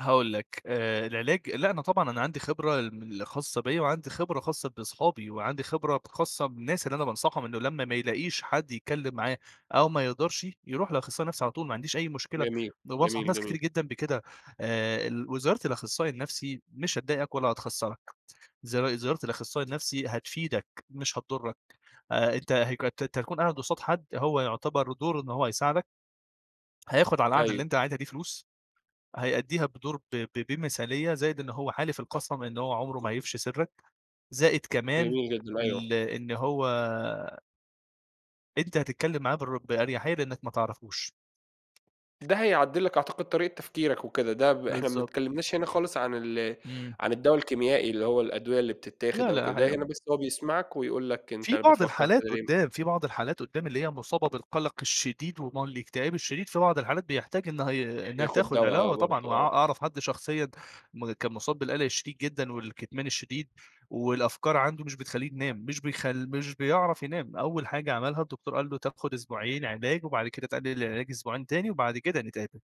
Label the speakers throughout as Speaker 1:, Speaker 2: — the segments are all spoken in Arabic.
Speaker 1: هاقول لَك، آآ العلاج لأ، أنا طبعًا أنا عندي خبرة ال من ال خاصّة بيا وعندي خبرة خاصّة بِصحَابي، وعندي خبرة ب خاصّة بالناس اللي أنا بانصحهم إنه لمّا ما يلاقيش حد يتكلم معاه أو ما يقدرشِ، يروح لأخصائي النفسي على طول، ما عنديش أي مشكلة،
Speaker 2: جميل،
Speaker 1: ده أنا بانصح
Speaker 2: جميل،
Speaker 1: ناس كتير
Speaker 2: جميل.
Speaker 1: جدًا بكده. آآ، ال وزيارة الأخصائي النفسي مش هتضايقك ولا هتخسّرك، زيار زيارة الأخصائي النفسي هتفيدك مش هتضرك، آآ أنتَ هَيك أنتَ هتكون قاعد قُصاد حد هو يُعتبر دوره إنه هو هيساعدك هياخد على القعدة اللي
Speaker 2: أيوه.
Speaker 1: أنتَ قاعدها دي فلوس، هيأدّيها بِدُور ب ب بمثالية، زائد إن هو حالف القَسم إن هو عمره ما هيفشي سِرك زائد كمان
Speaker 2: جميل جدًا، أيوة.
Speaker 1: ال إن هو أنتَ هتتكلم معاه بِالرّ بأريحية لأنك ما تعرفوش.
Speaker 2: ده هيعدِّل لك أعتقد طريقة تفكيرك وكده، ده ب إحنا ما
Speaker 1: بالضبط.
Speaker 2: اتكلمناش هنا خالص عن ال
Speaker 1: امم.
Speaker 2: عن الدوا الكيميائي، اللي هو الأدوية اللي بتتاخد
Speaker 1: لا،
Speaker 2: أو كده،
Speaker 1: لا
Speaker 2: ده هنا
Speaker 1: [unintelligible]
Speaker 2: بس هو بيسمعك ويقول لَك أنتَ
Speaker 1: في بعض
Speaker 2: بتفكر
Speaker 1: الحالات
Speaker 2: كده ليه؟
Speaker 1: قدّام، في بعض الحالات قدّام اللي هي مصابة بالقلق الشديد وما الاكتئاب الشديد، في بعض الحالات بيحتاج إنها ي إنها
Speaker 2: بياخد
Speaker 1: تاخد
Speaker 2: دوا
Speaker 1: عِلا
Speaker 2: آه،
Speaker 1: آه، طبعًا وأ
Speaker 2: برضو آه.
Speaker 1: أعرف حد شخصيًا م كان مصاب بالقلق الشديد جدًا، والكِتمان الشديد، والأفكار عنده مش بتخلّيه ينام، مش بيخل مش بيعرف ينام، أول حاجة عملها الدكتور قال له: "تاخد أسبوعين علاج، وبعد كده تقلل العلاج أسبوعين تاني، وبعد كده نتقابل."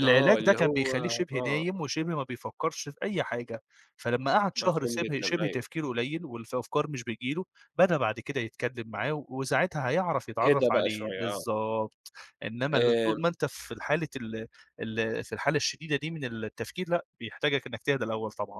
Speaker 2: آه
Speaker 1: ده
Speaker 2: اللي
Speaker 1: كان
Speaker 2: هو
Speaker 1: بيخلّيه شِبه
Speaker 2: آه.
Speaker 1: نايم، وشِبه ما بيفكرش في أي حاجة، فلما قعد شهر
Speaker 2: مفهوم
Speaker 1: شِبه
Speaker 2: جدًا،
Speaker 1: شِبه
Speaker 2: أيوة.
Speaker 1: تفكيره قليل، والفَ الأفكار مش بتيجي له، بدأ بعد كده يتكلم معاه وساعتها هيعرف
Speaker 2: هدا
Speaker 1: يتعرف
Speaker 2: بقى
Speaker 1: عليه،
Speaker 2: شوية، آه.
Speaker 1: بالضبط. إنما ل طول
Speaker 2: آآ
Speaker 1: ما أنتَ في الحالة ال ال في الحالة الشديدة دي من التفكير لأ، بيحتاجك إنك تهدا الأول طبعًا.